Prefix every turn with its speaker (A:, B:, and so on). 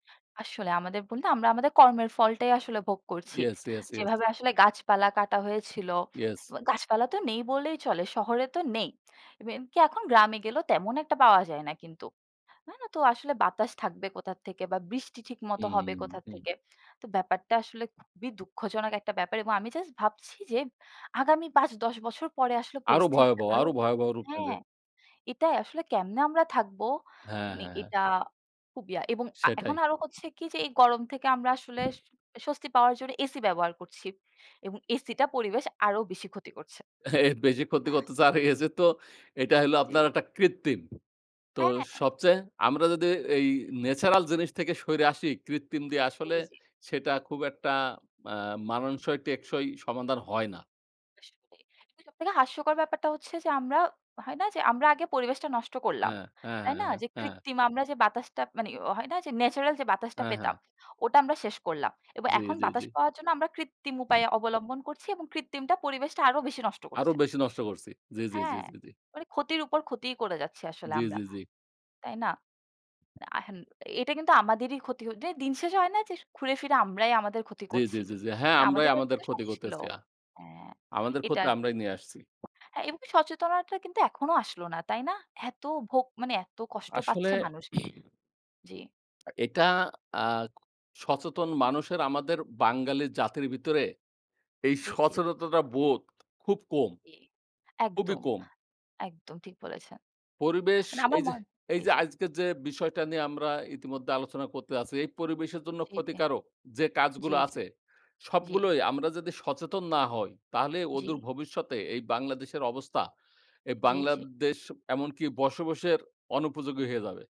A: আসলে আমাদের বন্দে আমরা আমাদের কর্মের ফলটাই আসলে ভোগ করছি।
B: Yes, yes, yes.
A: যেভাবে আসলে গাছপালা কাটা হয়েছিল
B: ইয়েস।
A: ব গাছপালা তো নেই বললেই চলে। শহরে তো নেই। মে কি এখন গ্রামে গেলেও তেমন একটা পাওয়া যায় না কিন্তু। না, না। তো আসলে বাতাস থাকবে কোথা থেকে বা বৃষ্টি ঠিকমত হবে
B: উহ,
A: কোথা
B: হুম।
A: থেকে? তো ব্যাপারটা আসলে খুবই দুঃখজনক একটা ব্যাপার। এবং আমি জাস্ট ভাবছি যে আগামী ৫, ১০ বছর পরে আসলে
B: আরো
A: পরিস্থিতিটা
B: ভয়াবহ
A: আরো
B: আরো ভয়াবহ রূপ নেবে।
A: হ্যাঁ। এটাই আসলে কেমনে আমরা থাকব?
B: হ্যাঁ,
A: মানে
B: হ্যাঁ।
A: এটা খুব ইয়া এবং আ
B: সেটাই।
A: এখন আরো হচ্ছে কি? যে এই গরম থেকে আমরা আসলে স স্বস্তি পাওয়ার জন্যে এসি ব্যবহার করছি। এবং এসিটা পরিবেশ আরও বেশি ক্ষতি করছে।
B: বেশি ক্ষতি করতে চার গেছে তো
A: উ
B: এটা হইলো
A: জ্বী।
B: আপনার একটা কৃত্রিম। তো
A: হ্যাঁ।
B: সবচেয়ে আমরা যদি এই ন্যাচারাল
A: [unintelligible]
B: জিনিস থেকে সরে আসি কৃত্রিম দিয়ে আসলে
A: এইযে
B: সেটা খুব একটা আ মানানসই টেকসই সমাধান হয় না।
A: আসলেই। তো সবথেকে হাস্যকর ব্যাপারটা হচ্ছে যে আমরা হয় না? যে আমরা আগে পরিবেশটা নষ্ট করলাম।
B: অ্যা, অ্যা,
A: তাই না?
B: অ্যা,
A: যে
B: অ্যা।
A: কৃত্রিম আমরা যে বাতাসটা মানে অ হয় না? যে ন্যাচারাল যে বাতাসটা
B: অ্যা হ্যাঁ।
A: পেতাম, ওটা আমরা শেষ করলাম। এবং
B: জ্বী,
A: এখন
B: জ্বী,
A: বাতাস
B: জ্বী।
A: পাওয়ার জন্য আমরা কৃত্রিম উপায়ে অবলম্বন করছি এবং কৃত্রিমটা পরিবেশটা আরো বেশি নষ্ট
B: আরো
A: করছে।
B: বেশি নষ্ট করছি। জ্বী, জ্বী, জ্বী,
A: হ্যাঁ,
B: জ্বী, জ্বী।
A: মানে ক্ষতির উপর ক্ষতিই করে যাচ্ছি আসলে
B: জ্বী,
A: আমরা।
B: জ্বী, জ্বী।
A: তাই না? আহেম এটা কিন্তু আমাদেরই ক্ষতি হ যে দিন শেষ হয় না? যে ঘুরে ফিরে আমরাই আমাদের ক্ষতি
B: জ্বী, জ্বী,
A: করছি।
B: জ্বী, জ্বী। হ্যাঁ
A: আ
B: আমরাই
A: আমাদের কাছে
B: আমাদের
A: তো সব
B: ক্ষতি
A: ছিল।
B: করতেছি। আ
A: অ্যা
B: আমাদের
A: এটা
B: ক্ষতি
A: আরকি।
B: আমরাই নিয়ে আসছি।
A: হ্যাঁ এবং সচেতনাতাটা কিন্তু এখনো আসলো না। তাই না? এত ভোগ মানে এত কষ্ট
B: আসলে
A: পাচ্ছে মানুষ। জ্বী।
B: আ এটা আ সচেতন মানুষের আমাদের বাঙালি জাতির ভিতরে এই
A: জ্বী, জ্বী।
B: সচেতনতা বোধ খুব কম
A: জ্বী।
B: খুবই
A: একদম
B: কম।
A: একদম ঠিক বলেছেন।
B: পরিবেশ
A: মানে আমার
B: এইযে
A: মন জি,
B: এইযে
A: জি।
B: আজকের যে বিষয়টা নিয়ে আমরা ইতিমধ্যে আলোচনা করতে আছি। এই পরিবেশের জন্য
A: জ্বী, জ্বী।
B: ক্ষতিকারক যে
A: জ্বী,
B: কাজগুলো
A: জ্বী।
B: আছে
A: জ্বী।
B: সবগুলোই আমরা যদি সচেতন না হই, তাহলে অদূর
A: জ্বী।
B: ভবিষ্যতে এই বাংলাদেশের অবস্থা এই
A: জ্বী, জ্বী।
B: বাংলাদেশ এমনকি বসবাসের অনুপযোগী হয়ে যাবে।